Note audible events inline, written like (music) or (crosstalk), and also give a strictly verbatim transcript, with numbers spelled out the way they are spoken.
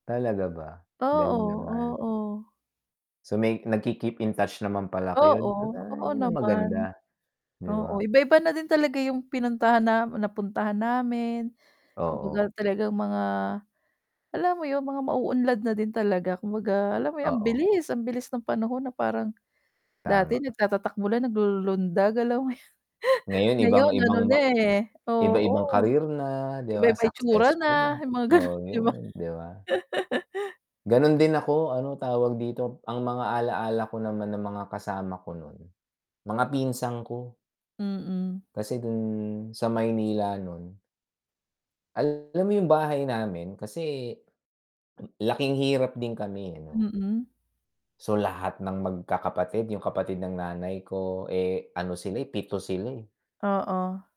Talaga ba? Galing Oo, naman. oo. So may nagki-keep in touch naman pala kayo n Oo, ay, oo, 'yon ang naman. maganda, 'di ba? Oo, iba-iba na din talaga 'yong pinuntahan na napuntahan namin. Kumbaga Oo. talaga mga, alam mo 'yon, mga mauunlad na din talaga. Kumbaga, alam mo 'yon, ang Oo. bilis, ang bilis ng panahon na parang. Dati Tama. nagtata-takbo lang, naglululundag, alam mo 'yon. (chuckles) Ngayon ibang Ngayon ano ibang ma na, eh iba-ibang oo. career na, 'di ba, Iba-iba itsura successful na, na, 'yong mga oo, gano'n, di ba? 'yon, 'di ba? (laughs) Gano'n din ako, ano, tawag dito, ang mga ala-ala ko naman ng mga kasama ko no'n, mga pinsan ko. Mm. Kasi do'n sa Maynila no'n alam mo 'yong bahay namin kasi, laking hirap din kami, eh, 'no. Mm. So lahat ng magkakapatid, 'yong kapatid ng nanay ko, eh, ano sila, eh, pito sila, eh. Oo.